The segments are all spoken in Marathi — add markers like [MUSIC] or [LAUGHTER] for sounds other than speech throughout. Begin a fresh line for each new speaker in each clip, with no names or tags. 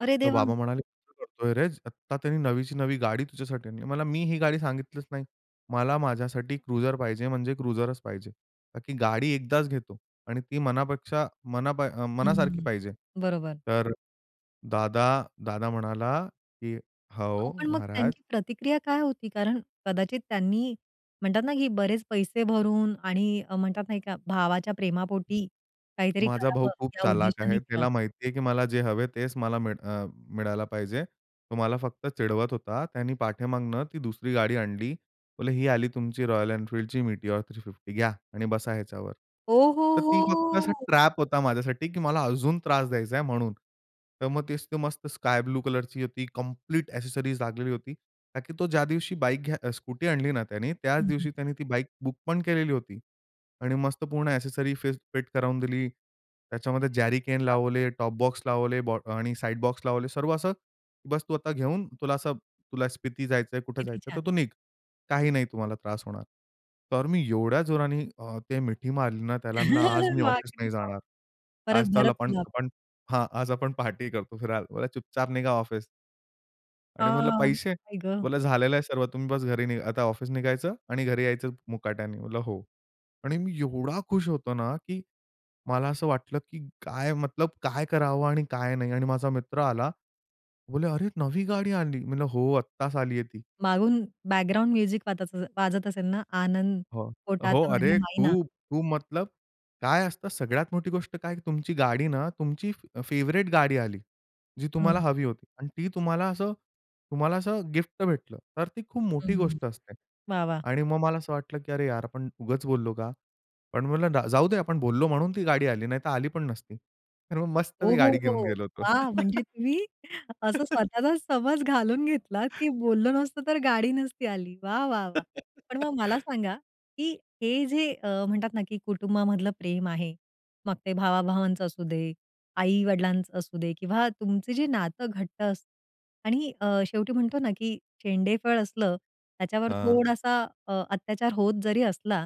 अरे
तर
देवा!
बाबा म्हणाले, आता त्यांनी नवीची नवी गाडी तुझ्यासाठी आणली. मला मी ही गाडी सांगितलीच नाही. मला माझ्यासाठी क्रुझर पाहिजे म्हणजे क्रुझरच पाहिजे. का की गाडी एकदाच घेतो आणि ती मनापेक्षा मना पा अ, मनासारखी
हं,
पाहिजे.
बरोबर.
तर दादा दादा म्हणाला, "की
अहो,
हो
पण मग
महाराज!"
त्यांची प्रतिक्रिया काय होती? कारण कदाचित त्यांनी म्हणतात ना की बरेच पैसे भरून आणि अ, म्हणतात नाही का भावाच्या प्रेमापोटी काहीतरी
माझा भाऊ
करावं
खूप
या
चालाख आहे.
उद्देशाने केलं.
त्याला माहिती आहे की मला जे हवे आहे, तेच मला मिळ अ, मिळायला पाहिजे. तो मला फक्त चिडवत होता. त्याने पाठीमागनं ती दुसरी गाडी आणली. बोलले, "ही आली तुमची Royal Enfieldची Meteor 350 घ्या' आणि बसा ह्याच्यावर."
ओ, हो,
तर ती फक्त असा
हो!
ट्रॅप होता माझ्यासाठी, की मला अजून त्रास द्यायचा आहे म्हणून. तर मग ते मस्त स्कायब्लू कलरची होती. कंप्लीट ॲक्सेसरीज लागलेली होती, कारण की तो ज्या दिवशी बाईक घ्या स्कूटी आणली ना त्याने त्याच
हं, हं.
दिवशी त्याने ती बाईक बुकपण केलेली होती आणि मस्त पूर्ण ॲक्सेसरी फेस फिट करावून दिली. त्याच्यामध्ये जॅरीकेन
बरं, बरं.
लावले, टॉप बॉक्स लावले, बॉ आणि अ, साइड बॉक्स लावले सर्व असं. "बस, तू आता घेऊन तुला असं तुला स्पिती जायचं आहे, कुठे
किती
जायचं आहे, तर
छान!
तू निघ. काही नाही तुम्हाला त्रास होणार." तर मी एवढ्या जोराने अ, ते मिठी मारली ना त्याला. म्हणलं, "आज मी
[CHUCKLES] वाह!
ऑफिस
किती
नाही
छान!
जाणार. आज
परत,
चल
भरत
आपण,
मिलाब.
आपण हां आज आपण पार्टी करतो फिरायला. बोलला, "चुपचाप निघा ऑफिस."
आ
आणि म्हटलं, "पैसे?"
आई गं.
बोला, "झालेलं आहे सर्व. तुम्ही बस घरी नही आता ऑफिस निघायचं आणि घरी यायचं मुकाट्याने." म्हणलं," हो." आणि मी एवढा खुश होतो ना! की मला असं वाटलं, की काय मतलब काय करावं आणि काय नाही? आणि माझा मित्र आला. बोलला, "अरे, नवी गाडी आणली!" मी म्हटलं, "हो, आत्ताच आली आहे ती."
मागून बॅकग्राऊंड म्युझिक वात वाजत असेल ना? आनंद
हो, हो,
पोटात माझ्या
अरे,
माईना.
खूप-खूप मतलब काय असतं, सगळ्यात मोठी गोष्ट काय तुमची गाडी ना तुमची अ, फेव्हरेट गाडी आली. जी तुम्हाला
हं.
हवी होती आणि ती तुम्हाला असं तुम्हाला असं गिफ्ट भेटलं. तर ती खूप
हं,
मोठी
हं,
गोष्ट असते.
वाह! वाह!
आणि मग मला असं वाटलं, की "अरे यार! आपण उगाच बोललो का?" पण म्हटलं, "जाऊ दे. आपण बोललो म्हणून ती गाडी आली नाहीतर आली पण नसती. तर मग मस्त
हो,
मी
हो,
गाडी घेऊन
हो,
गेलो होतो.
वाह! म्हणजे
[LAUGHS]
तुम्ही असं स्वतःला समज घालून घेतलात, की बोललं नसतं तर गाडी नसती आली. वाह! वाह! वाह! पण मग मला
[LAUGHS]
सांगा; की हे जे अ, म्हणतात ना की कुटुंबामधलं प्रेम आहे, मग ते भावा-भावांच असू दे, आई-वडिलांचं असू दे किंवा तुमचं जे नातं घट्ट असतं आणि अ, शेवटी म्हणतो ना की शेंडेफळ असलं त्याच्यावर
हां.
थोडासा अ, अत्याचार होत जरी असला,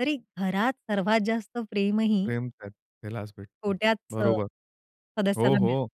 तरी घरात सर्वात जास्त प्रेमही
प्रेम त्यात त्यालाच भेटतो.
छोट्याच
बरोबर हो,
सदस्याला
हो.
मिळते.